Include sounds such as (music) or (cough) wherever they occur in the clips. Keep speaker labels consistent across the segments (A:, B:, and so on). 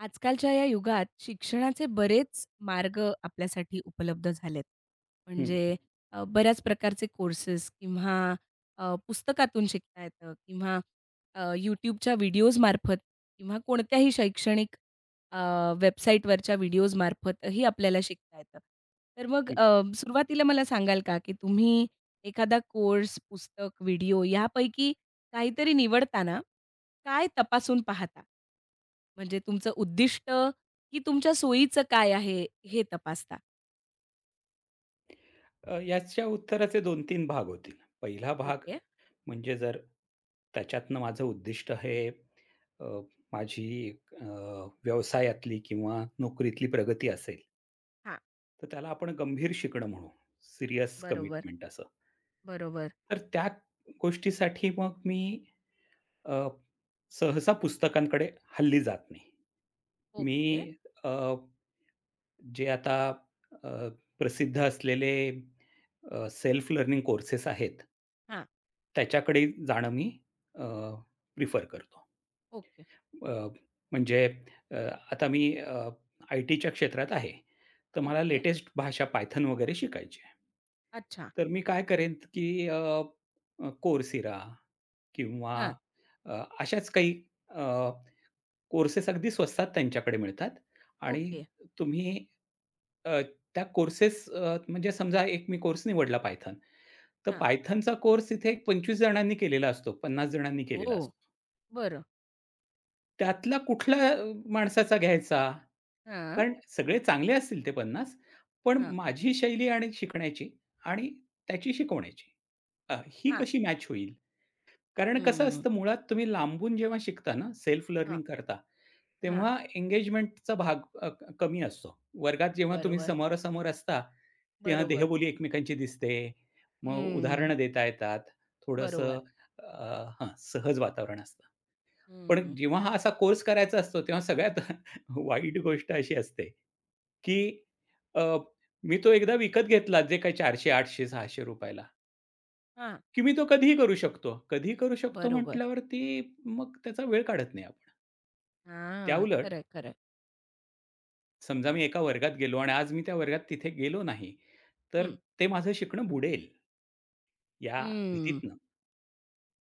A: आजकालच्या या युगात शिक्षणाचे बरेच मार्ग आपल्यासाठी उपलब्ध झालेत.
B: हं, हं.
A: म्हणजे अ, बऱ्याच प्रकारचे कोर्सेस किंवा अ, पुस्तकातून शिकता येतं किंवा अ, YouTubeच्या व्हिडिओजमार्फत किंवा कोणत्याही शैक्षणिक अ, वेबसाईटवरच्या व्हिडिओजमार्फतही आपल्याला शिकता येतं. तर मग
B: हं.
A: अ, सुरुवातीला मला सांगाल का, की तुम्ही एखादा कोर्स, पुस्तक, व्हिडिओ यापैकी काहीतरी निवडताना काय तपासून पाहता? म्हणजे तुमचं उद्दिष्ट की तुमच्या सोयीचं काय आहे, हे तपासता?
B: अ, याच्या उत्तराचे 2-3 भाग होतील. पहिला भाग
A: ओके.
B: म्हणजे जर त्याच्यातनं माझं उद्दिष्ट हे अ, माझी एक अ, व्यवसायातली किंवा नोकरीतली प्रगती असेल
A: हां.
B: तर त्याला आपण गंभीर शिकणं म्हणू. सीरियस
A: बरोबर,
B: कमिटमेंट असं.
A: बरोबर.
B: तर त्याच गोष्टीसाठी मग मी अ, सहसा पुस्तकांकडे हल्ली जात नाही.
A: ओके.
B: मी अ, जे आता अ, प्रसिद्ध असलेले अ, सेल्फ लर्निंग कोर्सेस आहेत
A: हां.
B: त्याच्याकडे जाणं मी अ, प्रिफर करतो.
A: ओके.
B: अ, म्हणजे अ, आता मी अ, आयटीच्या क्षेत्रात आहे. तर मला
A: ओके.
B: लेटेस्ट भाषा Python वगैरे शिकायची आहे.
A: अच्छा.
B: तर मी काय करेन, की अ, अ, Coursera किंवा
A: हां.
B: अ, अशाच काही अ, कोर्सेस अगदी स्वस्तात त्यांच्याकडे मिळतात आणि
A: ओके.
B: तुम्ही अ, त्या कोर्सेस अ, म्हणजे समजा एक मी कोर्स निवडला Python, तर
A: हां.
B: Pythonचा कोर्स तिथे एक 25 जणांनी केलेला असतो, 50 जणांनी केलेला
A: ओह!
B: असतो.
A: बरं.
B: त्यातल्या कुठल्या अ, माणसाचा घ्यायचा
A: हां.
B: कारण सगळे चांगले असतील ते 50, पण
A: हां.
B: माझी शैली आणि शिकण्याची आणि त्याची शिकवण्याची, अ, ही
A: हां.
B: कशी मॅच होईल? कारण कसं
A: हम्म.
B: असतं, मुळात तुम्ही लांबून जेव्हा शिकता ना, सेल्फ
A: हां.
B: लर्निंग करता,
A: हां.
B: तेव्हा एंगेजमेंटचा भाग अ, क कमी असतो. वर्गात जेव्हा तुम्ही
A: बरोबर.
B: समोरासमोर असता, तेव्हा
A: बरोबर.
B: देहबोली एकमेकांची दिसते, मग
A: हम्म.
B: उदाहरणं देता येतात, थोडंसं
A: बरोबर.
B: अ, हां, सहज वातावरण असतं. पण
A: हम्म.
B: जेव्हा हा असा कोर्स करायचा असतो, तेव्हा सगळ्यात (chuckles) वाईट गोष्ट अशी असते, की अ, मी तो एकदा विकत घेतला जे काही ₹400, ₹800, ₹600
A: हां.
B: की मी तो कधीही करू शकतो, कधीही करू शकतो
A: बरोबर.
B: म्हटल्यावरती मग त्याचा वेळ काढत नाही आपण.
A: हां,
B: त्याउलट
A: खरंय, खरंय.
B: समजा मी एका वर्गात गेलो आणि आज मी त्या वर्गात तिथे गेलो नाही, तर
A: हं.
B: ते माझं शिकणं बुडेल. या
A: हम्म.
B: भीतीतनं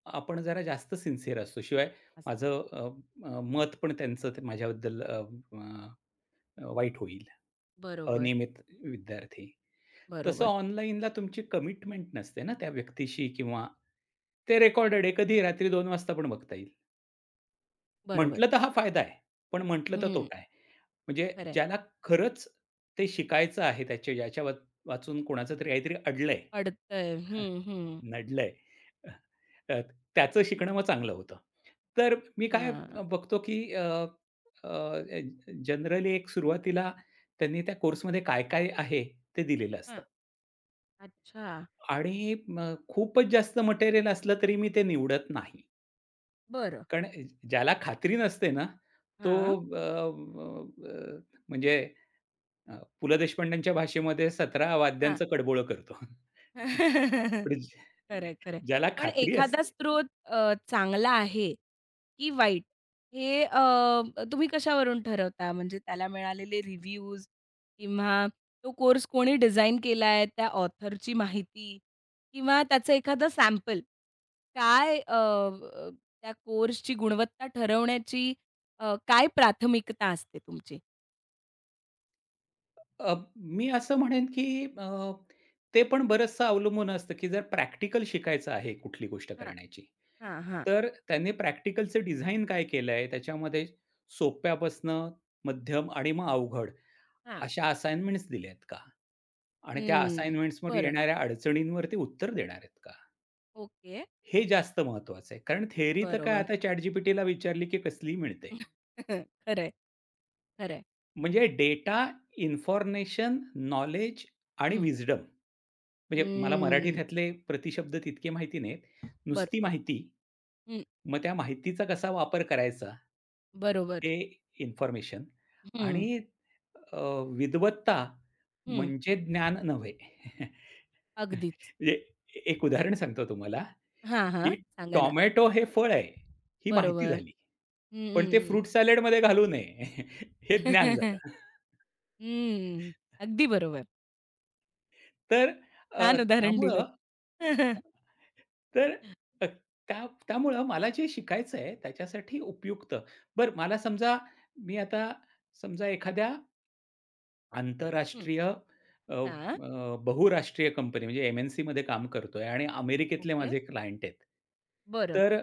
B: आपण जरा जास्त सिन्सिअर असतो. शिवाय
A: असतो.
B: माझं अ, अ, मत पण त्यांचं त माझ्याबद्दल अं, अ, अ, वाईट होईल,
A: बरोबर.
B: अनियमित विद्यार्थी. तसं
A: बरोबर.
B: ऑनलाईनला तुमची कमिटमेंट नसते ना त्या व्यक्तीशी किंवा ते रेकॉर्डेड आहे कधी रात्री 2:00 वाजता पण बघता येईल.
A: बरोबर.
B: म्हटलं तर हा फायदा आहे. पण म्हटलं तर
A: हं.
B: तोटा आहे. म्हणजे
A: खरंय.
B: ज्याला खरंच ते शिकायचं आहे त्याचे याच्यावाचून कोणाचं तरी काहीतरी अडलंय,
A: अडतंय.
B: (chuckles)
A: हं, हं.
B: नडलंय, (chuckles) अ, त्याचं शिकणं मग चांगलं होतं. तर मी काय
A: हां.
B: बघतो की अ, अ, अ, ए जनरली एक सुरुवातीला त्यांनी त्या कोर्समध्ये काय-काय आहे ते दिलेलं असतं.
A: हां. अच्छा.
B: आणि मग खूपच जास्त मटेरियल असलं तरी मी ते निवडत नाही.
A: बरं.
B: कारण अ, ज्याला खात्री नसते ना, तो
A: हां.
B: अ, अ, अ, म्हणजे अ, पु. लं. देशपांड्यांच्या भाषेमध्ये "सतरा
A: हां.
B: वाद्यांचं कडबोळं" करतो, (chuckles)
A: (chuckles)
B: म्हणजे
A: खरंय, खरंय.
B: ज्याला
A: पण
B: खात्री
A: एखादा
B: असते.
A: स्रोत अ, चांगला आहे, की वाईट हे अ, तुम्ही कशावरून ठरवता? म्हणजे त्याला मिळालेले रिव्ह्यूज किंवा तो कोर्स कोणी डिझाइन केलाय, त्या ऑथरची माहिती किंवा त्याचं एखादं सॅम्पल? काय अ, अ, त्या कोर्सची गुणवत्ता ठरवण्याची अ, काय प्राथमिकता असते तुमची?
B: अ, मी असं म्हणेन की अ, ते पण बरंचसं अवलंबून असतं, की जर प्रॅक्टिकल शिकायचं आहे कुठली गोष्ट
A: हां.
B: करण्याची,
A: हां, हां.
B: तर त्यांनी प्रॅक्टिकलचं डिझाइन काय केलंय त्याच्यामध्ये सोप्या पसनं मध्यम आणि मग अवघड.
A: हां.
B: अशा असाइनमेंट्स दिल्यात का? आणि त्या
A: हं.
B: असाइनमेंट्सवर
A: बरं.
B: येणाऱ्या अडचणींवर ते उत्तर देणार का?
A: ओके.
B: हे जास्त महत्त्वाचं आहे. कारण थेअरी तर काय
A: बरोबर.
B: आता ChatGPT विचारली की कसलीही मिळते.
A: (chuckles) खरंय. खरंय.
B: म्हणजे डेटा, इन्फॉर्मेशन, नॉलेज आणि
A: हं.
B: विस्डम. म्हणजे मला मराठी
A: हं.
B: ह्यातले प्रतिशब्द तितके माहिती नाहीयेत. नुसती
A: बरोबर.
B: माहिती
A: हं.
B: मग त्या माहितीचा कसा वापर करायचा?
A: बरोबर.
B: ते इन्फॉर्मेशन.
A: हं.
B: आणि अ, विद्वत्ता
A: हं.
B: म्हणजे ज्ञान नव्हे. (chuckles)
A: अगदीच.
B: म्हणजे एक उदाहरण सांगतो तुम्हाला,
A: हां, हां,
B: की
A: सांगा ना.
B: टोमॅटो हे फळ आहे. ही माहिती
A: बरोबर.
B: झाली.
A: हं,
B: पण ते
A: हं, हं.
B: फ्रूट सॅलेडमध्ये घालू नये (chuckles) हे ज्ञान
A: (chuckles)
B: झालं.
A: हं.
B: (chuckles)
A: अगदी बरोबर.
B: तर अ,
A: छान उदाहरण
B: त्यामुळं
A: दिलंत. (chuckles)
B: तर हं. त्या त्यामुळं मला जे शिकायचं आहे त्याच्यासाठी उपयुक्त. बरं मला समजा मी आता समजा एखाद्या
A: हं.
B: आंतरराष्ट्रीय अ,
A: हां.
B: अ, बहुराष्ट्रीय कंपनी म्हणजे एम-एन-सीमध्ये काम करतोय आणि अमेरिकेतले
A: ओके.
B: माझे क्लायंट आहेत.
A: बरं.
B: तर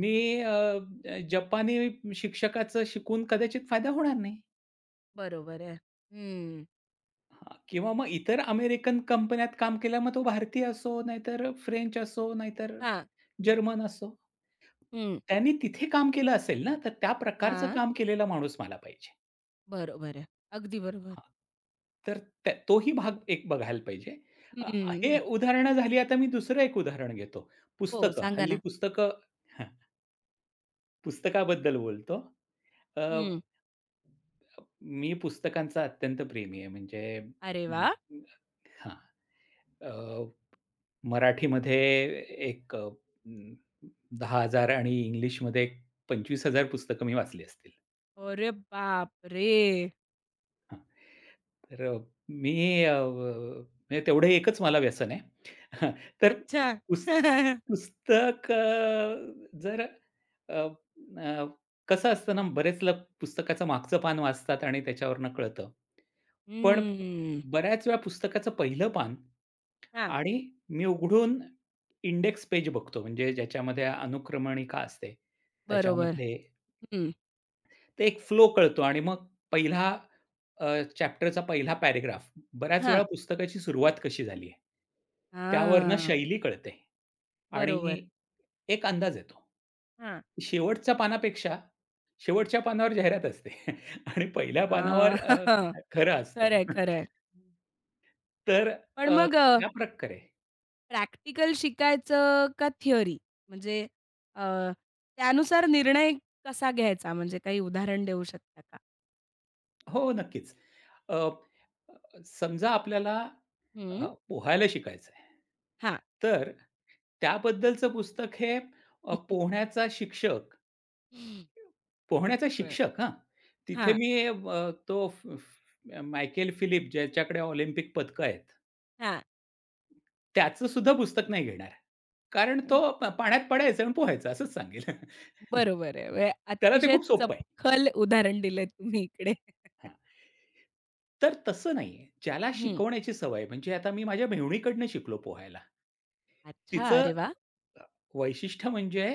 B: मी अ, अ, जपानी शिक्षकाचं शिकून कदाचित फायदा होणार नाही.
A: बरोबर आहे. हं.
B: किंवा मग इतर अमेरिकन कंपन्यात काम केलं. मग तो भारतीय असो, नाहीतर फ्रेंच असो, नाहीतर
A: हां.
B: जर्मन असो.
A: हं.
B: त्यांनी तिथे काम केलं असेल ना, तर त्या प्रकारचं
A: हां.
B: काम केलेला माणूस मला पाहिजे.
A: बरोबर आहे, अगदी बरोबर.
B: हां. तर त्या तोही भाग एक बघायला पाहिजे. अ, हे
A: हं.
B: उदाहरणं झाली. आता मी दुसरं एक उदाहरण घेतो.
A: हो,
B: पुस्तकं,
A: सांगा
B: हल्ली
A: ना.
B: पुस्तकं हं. पुस्तकाबद्दल बोलतो. अ,
A: हं.
B: मी पुस्तकांचा अत्यंत प्रेमी आहे. म्हणजे
A: अरे वाह!
B: हां. अ, मराठीमध्ये एक अ, 10,000 आणि इंग्लिशमध्ये 25,000 पुस्तकं मी वाचली असतील.
A: अरे, बाप रे!
B: हां. तरं, अ, मी अ, व म्हणजे तेवढं एकच मला व्यसन आहे. हां, तर
A: अच्छा.
B: पुस्त
A: (laughs)
B: पुस्त कं जरं, अ, अ, कसं असतं ना, बरेच लोक पुस्तकाचं मागचं पान वाचतात आणि त्याच्यावरनं कळतं. पण
A: हं.
B: बऱ्याच वेळ्या पुस्तकाचं पहिलं पान
A: हां.
B: आणि मी उघडून इंडेक्स पेज बघतो म्हणजे ज्याच्यामध्ये अनुक्रमणिका असते.
A: बरोबर.
B: त्याच्यामध्ये
A: हं.
B: एक फ्लो कळतो आणि मग पहिला अ, चॅप्टर चा पहिला पॅरग्राफ बऱ्याच वेळा
A: हां.
B: पुस्तकाची सुरुवात कशी झाली आहे? त्यावरनं
A: हांआ.
B: शैली कळते
A: बरोबर.
B: आणि एक अंदाज येतो
A: हां.
B: की शेवटच्या पानापेक्षा शेवटच्या पानावर जाहिरात असते आणि पहिल्या पानावर
A: हां.
B: अ,
A: (laughs)
B: खरं असतं
A: खरं आहे, खरं
B: (chuckles)
A: आहे.
B: तर
A: पण
B: अ,
A: मग अ,
B: त्याप्रकारे
A: प्रॅक्टिकल शिकायचं का थिअरी? म्हणजे अ, त्यानुसार निर्णय कसा घ्यायचा? म्हणजे काही उदाहरण देऊ शकता का?
B: हो नक्कीच. अप अ, समजा आपल्याला अ,
A: हं.
B: पोहायला शिकायचं आहे
A: हां.
B: तर त्याबद्दलचं पुस्तक हे अ,
A: (laughs)
B: पोहण्याचा शिक्षक पोहण्याचा
A: बरं.
B: शिक्षक हां. तिथे
A: हां.
B: मी अ, तो फ फ मायकेल फिलिप, ज्याच्याकडे ऑलिम्पिक पदकं आहेत.
A: हां.
B: त्याचं सुद्धा पुस्तक नाही घेणार, कारण तो
A: हं.
B: "प पाण्यात पडायचं आणि पोहायचं" असंच सांगेल. (laughs)
A: बरोबर आहे. हे
B: त्याला ते
A: अतिशय
B: खूप सोपं आहे.
A: चपखल उदाहरण दिलंत तुम्ही इकडे. (chuckles)
B: हां. तर तसं नाहीये. ज्याला
A: हं.
B: शिकवण्याची सवय म्हणजे आता मी माझ्या मेहुणीकडनं शिकलो पोहायला.
A: अच्छा,
B: तिचं
A: अरे वा!
B: अ, वैशिष्ट्य म्हणजे,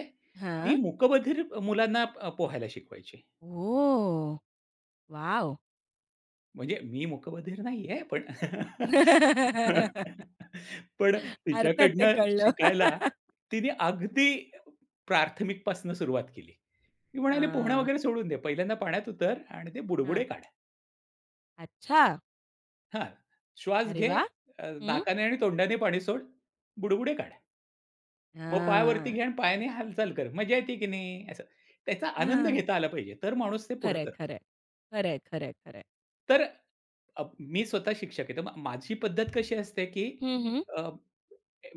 B: ती
A: हां.
B: मूकबधीर मुलांना अ, पोहायला शिकवायची.
A: हो. वॉव!
B: म्हणजे मी मुकबधीर नाहीये. पण (chuckles)
A: (laughs)
B: पण
A: अर्थात, ते
B: तिच्याकडनं
A: कळल.
B: शिकायला
A: (laughs)
B: तिने अगदी प्रार्थमिकपासनं सुरुवात केली. ती म्हणाली पोहणं
A: हां.
B: वगैरे सोडून दे. पहिल्यांदा पाण्यात उतर आणि ते बुडबुडे
A: हां.
B: काढ.
A: अच्छा.
B: हां. श्वास
A: अरे
B: घे.
A: वाह!
B: अ,
A: हं.
B: नाकाने आणि तोंडाने पाणी सोड. बुडबुडे काढ. मग पायावरती
A: हां.
B: घे आणि पायाने हालचाल कर. मजा येते, की नाही असं. त्याचा आनंद
A: हां.
B: घेता आला पाहिजे. तर माणूस ते पुढं
A: खरं आहे,
B: करतो.
A: खरं आहे, खरं आहे, खरं आहे, खरं आहे.
B: तर अ, मी स्वतः शिक्षक आहे तर मग माझी पद्धत कशी असते, की
A: हं, हं.
B: अ,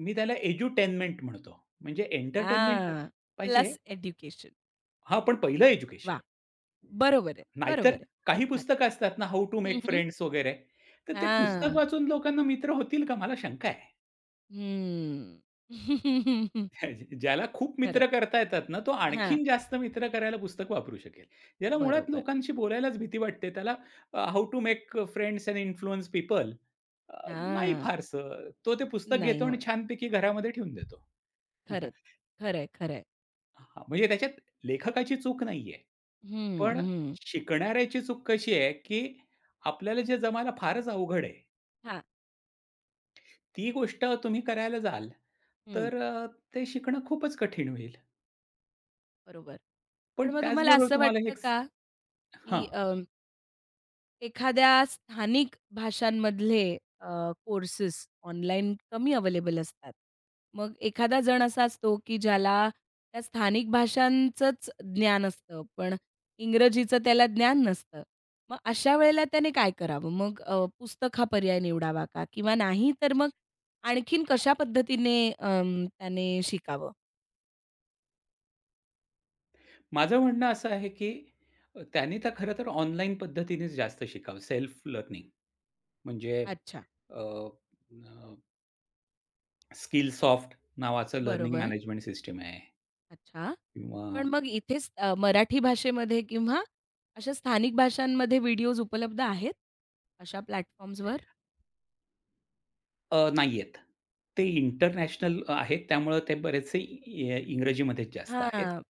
B: मी त्याला एज्युटेनमेंट म्हणतो. म्हणजे एंटरटेनमेंट तर
A: हां.
B: पाहिजे आहे.
A: Plus education.
B: हां, पण पहिलं एज्युकेशन.
A: वाह! बरोबर आहे,
B: हं. नाहीतर
A: बरोबर आहे.
B: काही
A: अर्थात.
B: पुस्तकं असतात ना, "हाऊ टू
A: हं,
B: मेक
A: हं.
B: फ्रेंड्स" वगैरे तर ते पुस्तक
A: हां.
B: वाचून लोकांना मित्र होतील का मला शंका आहे?
A: हं. (laughs)
B: (chuckles) ज्याला खूप
A: खरं आहे.
B: मित्र करता येतात ना, तो
A: हां.
B: आणखीन जास्त मित्र करायला पुस्तक वापरू शकेल. ज्याला मुळात
A: बरोबर.
B: लोकांशी बोलायलाच भीती वाटते. त्याला अ, "how to make a friends and influence people." अ, नाही
A: हां.
B: फारसं. तो ते पुस्तक घेतो
A: नाही
B: आणि
A: होणार.
B: छानपैकी घरामध्ये ठेवून देतो.
A: खरंच.
B: (laughs)
A: खरं आहे, खरं आहे.
B: हां, म्हणजे त्याच्यात लेखकाची चूक नाही आहे.
A: हं,
B: पण
A: हं.
B: शिकणाऱ्याची चूक कशी आहे, की आपल्याला जे जमायला फारच अवघड आहे
A: हां.
B: ती गोष्ट तुम्ही करायला जाल,
A: हं.
B: तर अ, ते शिकणं खूपच कठीण होईल.
A: बरोबर.
B: पण
A: पण मग तुम्हाला
B: त्याचबरोबर
A: असं
B: तुम्हाला
A: वाटतं का
B: हेचं हां.
A: की अं, एखाद्या स्थानिक भाषांमधले अ, कोर्सेस ऑनलाईन कमी अवेलेबल असतात. मग एखादा जण असा असतो, की ज्याला त्या स्थानिक भाषांचंच ज्ञान असतं, पण इंग्रजीचं त्याला ज्ञान नसतं. मग अशा वेळेला त्याने काय करावं, मग अ, पुस्तक हा पर्याय निवडावा का किंवा नाही तर मग आणखीन कशा पद्धतीने अं, त्याने शिकावं?
B: माझं म्हणणं असं आहे, की अ, त्यांनी तर खरं तर ऑनलाईन पद्धतीनेच जास्त शिकावं, सेल्फ लर्निंग. म्हणजे
A: अच्छा.
B: अ, अ, Skillsoft नावाचं लर्निंग
A: बरोबर.
B: मॅनेजमेंट सिस्टम आहे.
A: अच्छा. पण
B: किंवा
A: मग इथेच अ, मराठी भाषेमध्ये किंवा अशा स्थानिक भाषांमध्ये व्हिडिओज उपलब्ध आहेत अशा प्लॅटफॉर्म्सवर?
B: अ, नाहीयेत. ते इंटरनॅशनल अ, आहेत. त्यामुळं ते बरेचसे इं अ, इंग्रजीमध्येच जास्त
A: हां,
B: आहेत.
A: आ.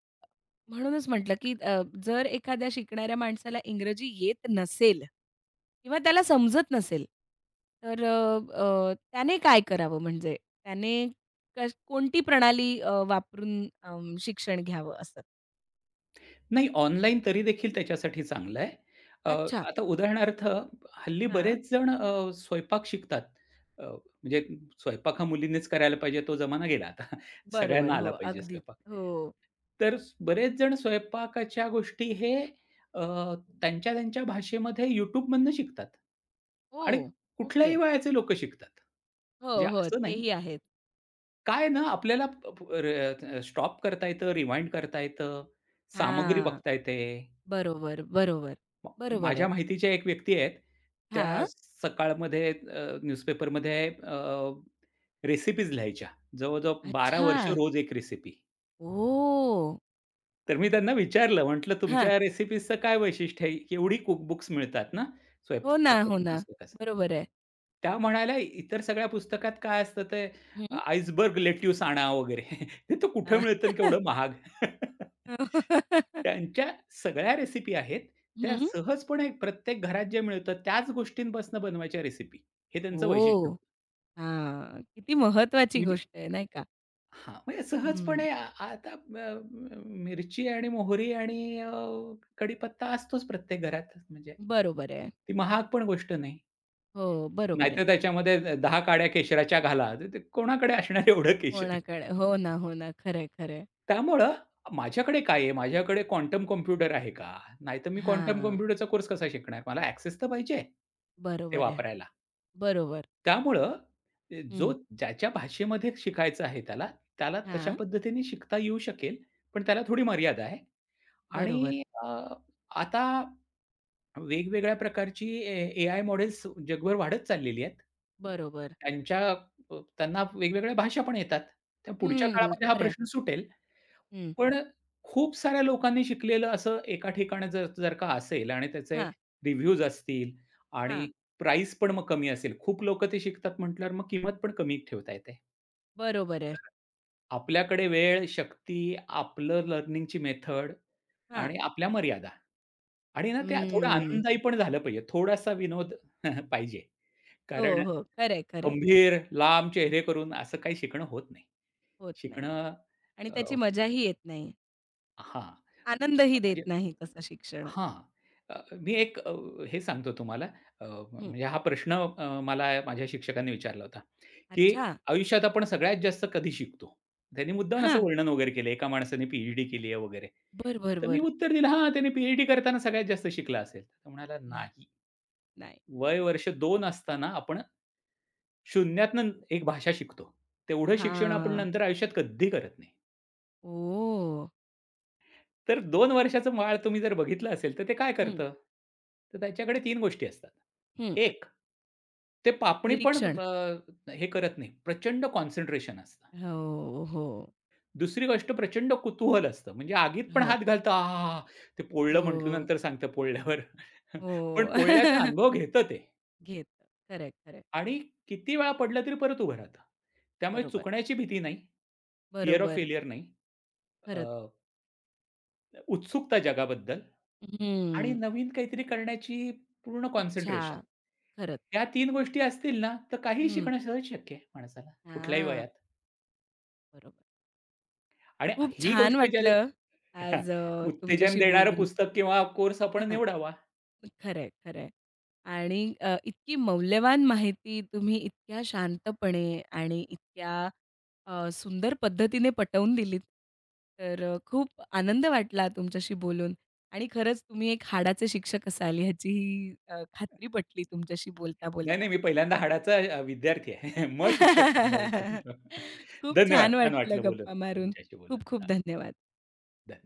A: म्हणूनचं म्हटलं, की अ जर एखाद्या शिकणाऱ्या माणसाला इंग्रजी येत नसेल. किंवा त्याला समजत नसेल तर अ अ, त्याने काय करावं म्हणजे त्याने का कोणती प्रणाली अ, वापरून अंम, शिक्षण घ्यावं असं?
B: नाही, ऑनलाईन तरीदेखील त्याच्यासाठी चांगलं आहे. अ,
A: अच्छा.
B: आता उदाहरणार्थ हल्ली
A: हां.
B: बरेच जण अ, स्वयंपाक शिकतात. अ, म्हणजे स्वयंपाक हा मुलीनेच करायला पाहिजे तो जमाना गेला आता. सगळ्यांना
A: बरोबर, हो.
B: आला पाहिजे
A: अगदी.
B: स्वयंपाक.
A: हो.
B: तर बरेच जणं स्वयंपाकाच्या गोष्टी हे अ, त्यांच्या त्यांच्या भाषेमध्ये YouTubeमधनं शिकतात. आणि
A: हो.
B: कुठल्याही
A: ओके.
B: वयाचे लोक शिकतात.
A: हो,
B: म्हणजे
A: हो.
B: असं नाही
A: तेही आहेत.
B: काय ना आपल्याला, प र र स्टॉप करता येतं, रिवाइंड करता येतं. सामग्री
A: हांआ.
B: बघता येते.
A: बरोबर, बरोबर. बरोबर
B: माझ्या
A: आहे.
B: माहितीच्या एक व्यक्ती आहेत. त्या
A: हां.
B: सकाळमध्ये अ, न्यूजपेपरमध्ये अ रेसिपीज लिहायच्या. जवळजवळ 12 वर्ष,
A: अच्छा.
B: रोज 1 रेसिपी.
A: ओह!
B: तर मी त्यांना विचारलं. म्हटलं तुमच्या
A: हां.
B: या रेसिपीजचं काय वैशिष्ट्य आहे? केवढी कुक-बुक्स मिळतात ना
A: हो ना, हो
B: स्वयंपाकाच्या
A: ना.
B: पुस्तकाचं?
A: बरोबर आहे.
B: त्या म्हणाल्या, "इतर सगळ्या पुस्तकात काय असतं ते
A: हं.
B: आइसबर्ग लेट्यूस आणा वगैरे. (chuckles) ते तर कुठे
A: हां.
B: मिळतं अन्
A: (chuckles)
B: केवढं महाग!" (chuckles)
A: हो. (chuckles)
B: त्यांच्या सगळ्या रेसिपी आहेत. त्या
A: हं.
B: सहजपणे प्रत्येक घरात जे मिळतं त्याच गोष्टींपासनं बनवायच्या रेसिपी. हे त्यांचं वैशिष्ट्य
A: ओह!
B: होतं.
A: हां. किती महत्त्वाची
B: म्हणजे
A: गोष्ट आहे, नाही का?
B: हां. म्हणजे
A: हं.
B: सहजपणे आ आता अ, अ, मिरची आणि मोहरी आणि अ, कढीपत्ता असतोच प्रत्येक घरात म्हणजे.
A: बरोबर आहे.
B: ती महाग पण गोष्ट नाही.
A: हो, बरोबर आहे.
B: नाहीतर, "त्याच्यामध्ये द 10 काड्या केशराच्या घाला." तर ते कोणाकडे असणार एवढं केशर.
A: कोणाकडे हो ना, हो ना. खरं आहे, खरं आहे.
B: त्यामुळं माझ्याकडे काय आहे, माझ्याकडे क्वांटम कॉम्प्युटर आहे का? नाहीतर मी क्वांटम
A: हां.
B: कॉम्प्युटरचा कोर्स कसा शिकणार? मला ॲक्सेस तर पाहिजे आहे ते
A: बरोबर आहे.
B: वापरायला.
A: बरोबर.
B: त्यामुळं ते जो
A: हं.
B: ज्याच्या भाषेमध्ये शिकायचं आहे त्याला, त्याला तशा
A: हां.
B: पद्धतीने शिकता येऊ शकेल. पण त्याला थोडी मर्यादा आहे
A: बरोबर.
B: आणि अ, आता वेगवेगळ्या प्रकारची ए एआय मॉडेल्स जगभर वाढत चाललेली आहेत.
A: बरोबर.
B: त्यांच्या अ, त्यांना वेगवेगळ्या भाषा पण येतात. तर पुढच्या
A: हं.
B: काळामध्ये हा
A: खरं आहे.
B: प्रश्न सुटेल.
A: हं.
B: पण अ, खूप साऱ्या लोकांनी शिकलेलं असं एका ठिकाणी ज जर का असेल आणि त्याचे
A: हां.
B: रिव्ह्यूज असतील आणि
A: हां.
B: प्राईस पण मग कमी असेल, खूप लोक ते शिकतात म्हटल्यावर मग किंमत पण कमी ठेवता येते.
A: बरोबर आहे.
B: आपल्याकडे वेळ, शक्ती, आपलं लर्निंगची मेथड.
A: हां.
B: आणि आपल्या मर्यादा. आणि ना ते थोडा
A: हं.
B: आनंददायी पण झालं पाहिजे. थोडासा विनोद (chuckles) पाहिजे.
A: हो,
B: कारण.
A: हो. खरं आहे, खरं आहे.
B: गंभीर, लांब चेहरे करून असं काही शिकणं होत नाही.
A: होत नाही.
B: शिकणं
A: आणि त्याची
B: अ,
A: मजा ही येत नाही.
B: हां.
A: आनंद ही देत
B: म्हणजे
A: नाही तसां शिक्षण.
B: हां. अ, मी एक अ, हे सांगतो तुम्हाला अ,
A: हं.
B: म्हणजे हा प्रश्न अ, मला माझ्या शिक्षकांनी विचारला होता, की
A: अच्छा.
B: आयुष्यात आपण सगळ्यात जास्त कधी शिकतो. त्यांनी मुद्दाम असं
A: हां.
B: वर्णन वगैरे केलं. एका माणसाने पी-एच-डी केली आहे वगैरे.
A: बरं, बरं,
B: तर मी
A: बरं.
B: उत्तर दिलं हां, त्याने पी-एच-डी करताना सगळ्यात जास्त शिकलं असेल. तर म्हणाला
A: (chuckles)
B: नाही.
A: नाही.
B: वय वर्ष 2 असताना आपण शून्यातून एक भाषा शिकतो. तेवढं शिक्षण आपण
A: हां.
B: नंतर आयुष्यात कधी करत नाही.
A: ओ.
B: तर 2 वर्षाचं बाळ तुम्ही जर बघितलं असेल तर ते काय
A: हं.
B: करतं? तर त्याच्याकडे 3 गोष्टी असतात.
A: हं.
B: एक ते पापणी पण
A: निरीक्षण.
B: अ, हे करत नाही. प्रचंड कॉन्सन्ट्रेशन असतं.
A: हो, हो.
B: दुसरी गोष्ट प्रचंड कुतूहल असतं. म्हणजे आगीत पण
A: हो.
B: हात घालतो आहाहा, ते पोळलं म्हटलं
A: हो.
B: नंतर सांगतं पोळल्यावर. पण
A: हो.
B: पोळण्याचा
A: (chuckles)
B: अनुभव घेतं ते.
A: घेतं. खरं आहे, खरं आहे.
B: आणि किती वेळा पडला तरी परत उभा राहत. त्यामुळे
A: बरोबर.
B: चुकण्याची भीती नाही. फिअर ऑफ
A: बरोबर.
B: फेल्यर नाही. अ,
A: खरंच.
B: उत्सुकता जगाबद्दल. आणि
A: हं.
B: नवीन काहीतरी करण्याची पूर्ण कॉन्सन्ट्रेशन.
A: इच्छा. खरंच.
B: या 3 गोष्टी असतील ना तर काहीही
A: हं.
B: शिकणं सहज शक्य आहे माणसाला. कुठल्याही वयात?
A: हां. बरोबर.
B: आणि
A: खूप
B: ही
A: छान
B: गोष्ट ज्याने
A: वाटलं. आज अ,
B: उत्तेजन
A: तुमच्याशी
B: देणारं
A: बोलून.
B: पुस्तक किंवा कोर्स आपण
A: हां.
B: निवडावा.
A: खरं आहे, खरं आहे. आणि अ, इतकी मौल्यवान माहिती तुम्ही इतक्या शांतपणे आणि इतक्या अ, सुंदर पद्धतीने पटवून दिलीत. तर अ, खूप आनंद वाटला तुमच्याशी बोलून. आणि खरंच तुम्ही एक हाडाचे शिक्षक असाल ह्याची अ, खात्री पटली तुमच्याशी
B: नाही
A: बोलता-बोलता.
B: नाही मी पहिल्यांदा हाडाचा अ, विद्यार्थी आहे. मग शिक्षक चांगला येऊ
A: (laughs)
B: शकू.
A: खूप
B: धन्यवाद
A: छान
B: छान
A: वाटलं
B: वाटलं बोलून,
A: गप्पा मारून.
B: तुमच्याशी बोलून.
A: खूप-खूप
B: हां.
A: धन्यवाद.
B: धन्यवाद.